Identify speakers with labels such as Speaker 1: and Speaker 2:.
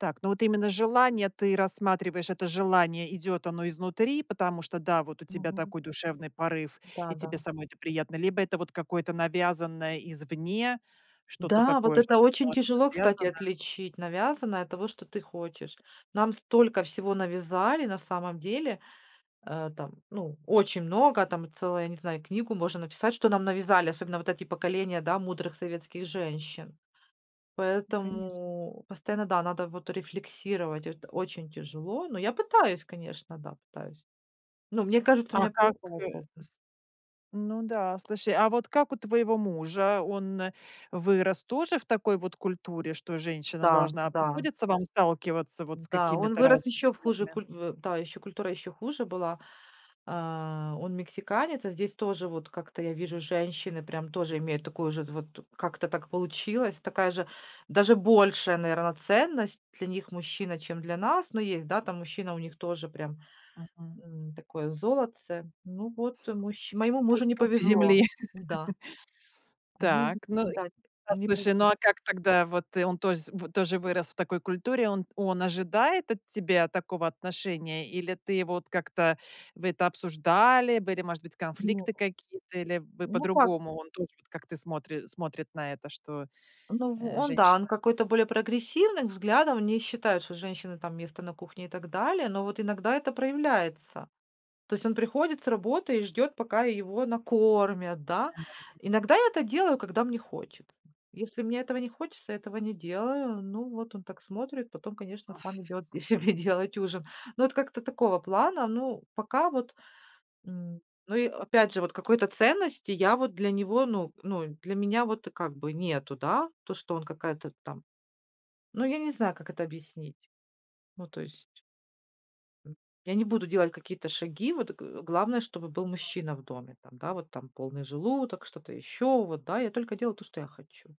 Speaker 1: Так, ну вот именно желание ты рассматриваешь, это желание идёт оно изнутри, потому что, да, вот у тебя
Speaker 2: Мгм.
Speaker 1: такой душевный порыв,
Speaker 2: Да,
Speaker 1: и
Speaker 2: да.
Speaker 1: тебе самой это приятно, либо это вот какое-то навязанное извне, что-то
Speaker 2: Да, вот
Speaker 1: такое,
Speaker 2: это
Speaker 1: что-то
Speaker 2: очень
Speaker 1: тоже
Speaker 2: тяжело, кстати,
Speaker 1: навязано.
Speaker 2: отличить навязанное от того, что ты хочешь. Нам столько всего навязали на самом деле. Э, там, ну, очень много, там целая, не знаю, книгу можно написать, что нам навязали, особенно вот эти поколения, да, мудрых советских женщин.
Speaker 1: Н, конечно.
Speaker 2: Поэтому постоянно, да, надо вот рефлексировать, это очень тяжело. Но я пытаюсь, конечно, да, пытаюсь. Но мне кажется, у
Speaker 1: А
Speaker 2: меня
Speaker 1: как, э,
Speaker 2: получается, м.
Speaker 1: с Ну да, слушай, а вот как у твоего мужа? Он вырос тоже в такой вот культуре, что женщина
Speaker 2: Да,
Speaker 1: должна
Speaker 2: да.
Speaker 1: Приходится вам сталкиваться вот с
Speaker 2: Да, он
Speaker 1: какими-то
Speaker 2: вырос
Speaker 1: разными
Speaker 2: ещё в хуже
Speaker 1: взглядами?
Speaker 2: куль в, да, ещё культура ещё хуже была. Э, он мексиканец, а здесь тоже вот как-то я вижу, женщины прям тоже имеют такую же вот, как-то так получилось. Такая же, даже большая, наверно, ценность для них мужчина, чем для нас. Но есть, да, там мужчина у них тоже прям,
Speaker 1: Мгм.
Speaker 2: м, такое золотце. Ну вот, мужч моему мужу
Speaker 1: Пуп
Speaker 2: не
Speaker 1: пуп
Speaker 2: повезло.
Speaker 1: земли.
Speaker 2: Да. Они
Speaker 1: Так. Ну и,
Speaker 2: Да,
Speaker 1: а,
Speaker 2: не
Speaker 1: слушай, ну
Speaker 2: повезло.
Speaker 1: а как тогда Вот и он тозь в тоже вырос в такой культуре. Он он ожидает от тебя такого отношения, или ты его вот, как-то Вы это обсуждали? Были, может быть,
Speaker 2: Нет.
Speaker 1: конфликты какие-то? Или вы
Speaker 2: Ну так
Speaker 1: по-другому, он тоже вот, как ты смотри смотрит на это, что,
Speaker 2: Ну в
Speaker 1: э,
Speaker 2: Он, да, он
Speaker 1: женщина?
Speaker 2: какой-то более прогрессивных взглядов, он не считает, что у женщины там место на кухне и так далее, но вот иногда это проявляется. То есть, он приходит с работы и ждёт пока его накормят, да?
Speaker 1: Мгм, м.
Speaker 2: Иногда я это делаю, когда мне хочет, м. Если мне этого не хочется, этого не делаю. Ну, вот он так смотрит, потом, конечно, сам идёт себе делать ужин. Но это как-то такого плана. Ну пока вот, м, ну и опять же, вот какой-то ценности я вот для него, ну, ну, для меня вот как бы нету, да? То что он какая-то там, ну я не знаю, как это объяснить. Ну то есть М, я не буду делать какие-то шаги, вот г главное, чтобы был
Speaker 1: Мгм.
Speaker 2: мужчина в доме, там, да, вот там полный желудок, что-то ещё, вот да, я только делаю то, что я хочу.